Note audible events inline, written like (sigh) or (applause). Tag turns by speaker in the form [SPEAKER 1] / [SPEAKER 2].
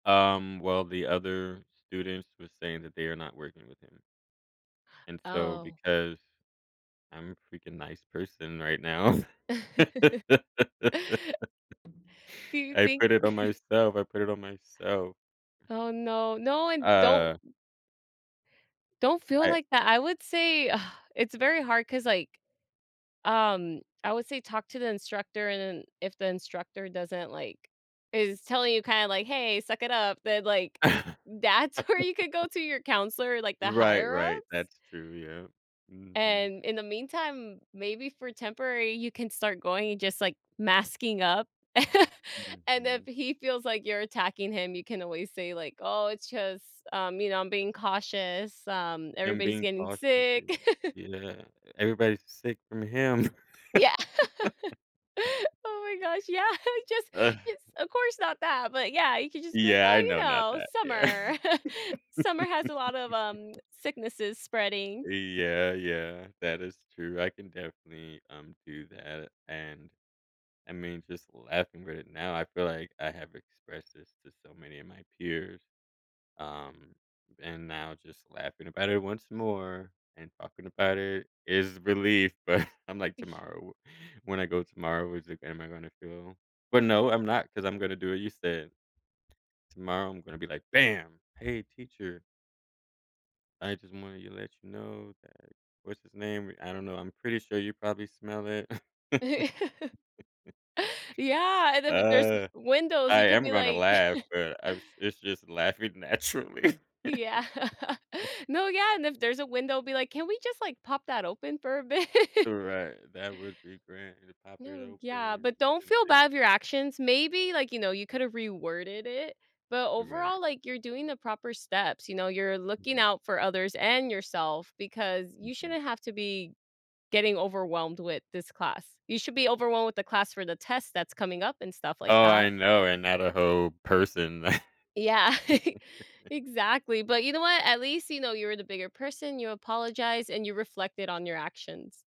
[SPEAKER 1] Um, well, the other students was saying that they are not working with him. And so,
[SPEAKER 2] Oh.
[SPEAKER 1] because, I'm a freaking nice person right now, (laughs)
[SPEAKER 2] (laughs)
[SPEAKER 1] I
[SPEAKER 2] Do you think?
[SPEAKER 1] put it on
[SPEAKER 2] (chuckles)
[SPEAKER 1] myself, I put it on myself.
[SPEAKER 2] Oh, no. No, and don't
[SPEAKER 1] Uh
[SPEAKER 2] don't feel
[SPEAKER 1] I
[SPEAKER 2] like that. I would say, (sighs) it's very hard 'cause, like um, I would say talk to the instructor, and then, if the instructor doesn't, like is telling you, kinda like, "Hey, suck it up." Then, like that's where you could go
[SPEAKER 1] (laughs)
[SPEAKER 2] to your counselor, like, the
[SPEAKER 1] Right,
[SPEAKER 2] higher ups?
[SPEAKER 1] right, that's true, yep. Mhm.
[SPEAKER 2] And, in the meantime, maybe for temporary, you can start going, and, just, like, masking up. (chuckles) And, if
[SPEAKER 1] Mhm.
[SPEAKER 2] he feels like you're attacking him, you can always say, like, "Oh, it's just, um, you know, I'm being cautious, um,
[SPEAKER 1] I'm
[SPEAKER 2] everybody's
[SPEAKER 1] being
[SPEAKER 2] getting
[SPEAKER 1] cautious,
[SPEAKER 2] sick."
[SPEAKER 1] yeah.
[SPEAKER 2] (laughs)
[SPEAKER 1] Yeah, everybody's sick from him.
[SPEAKER 2] Yeah. (laughs)
[SPEAKER 1] (laughs)
[SPEAKER 2] Oh my gosh, yeah. Just just
[SPEAKER 1] (chuckles)
[SPEAKER 2] of course, not that, but, yeah, you could just be like,
[SPEAKER 1] Yeah, I
[SPEAKER 2] "Oh,
[SPEAKER 1] know,
[SPEAKER 2] you
[SPEAKER 1] not
[SPEAKER 2] know,
[SPEAKER 1] that, yeah.
[SPEAKER 2] summer, (chuckles) summer has a lot of um,
[SPEAKER 1] (laughs)
[SPEAKER 2] sicknesses spreading."
[SPEAKER 1] Y yeah, yeah, that is true, I can definitely, um, do that, a and, I mean, just laughing right now, I feel like I have expressed this to so many of my peers, um, and now, just laughing about it once more, and talking about it is relief, but, I'm like,
[SPEAKER 2] Y
[SPEAKER 1] "Tomorrow, wh when I go tomorrow, is it g am I gonna feel?" But, no, I'm not, 'cause I'm gonna do what you said Tomorrow, I'm gonna be like, "Bam! Hey, teacher" "I just wanted you to let you know that what's-his-name, wh I don't know, I'm pretty sure you probably smell it."
[SPEAKER 2] (laughs)
[SPEAKER 1] (laughs)
[SPEAKER 2] Yeah, and, if i there's
[SPEAKER 1] Uh,
[SPEAKER 2] windows,
[SPEAKER 1] I
[SPEAKER 2] you could
[SPEAKER 1] am
[SPEAKER 2] be
[SPEAKER 1] gonna
[SPEAKER 2] like
[SPEAKER 1] laugh,
[SPEAKER 2] (chuckles)
[SPEAKER 1] but I was it's just laughing naturally.
[SPEAKER 2] Yeah. (laughs)
[SPEAKER 1] (chuckles)
[SPEAKER 2] No, yeah, and, if there's a window, be like, "Can we just, like, pop that open for a bit?"
[SPEAKER 1] Uh, right, that would be grand. We'd pop it
[SPEAKER 2] No,
[SPEAKER 1] open,
[SPEAKER 2] yeah,
[SPEAKER 1] and
[SPEAKER 2] but, don't
[SPEAKER 1] can
[SPEAKER 2] feel
[SPEAKER 1] think.
[SPEAKER 2] bad of your actions. Maybe, like, you know, you could've reworded it, but
[SPEAKER 1] Right.
[SPEAKER 2] overall, like, you're doing the proper steps, you know? You're looking
[SPEAKER 1] Mhm.
[SPEAKER 2] out for others, and yourself, because you
[SPEAKER 1] Mhm.
[SPEAKER 2] shouldn't have to be getting overwhelmed with this class. You should be overwhelmed with the class for the test that's coming up, and stuff like
[SPEAKER 1] Oh,
[SPEAKER 2] that.
[SPEAKER 1] I know, and, not a whole person.
[SPEAKER 2] Yeah, (laughs)
[SPEAKER 1] (chuckles)
[SPEAKER 2] exactly, but, you know what? At least, you know, you were the bigger person, you apologized, and you reflected on your actions.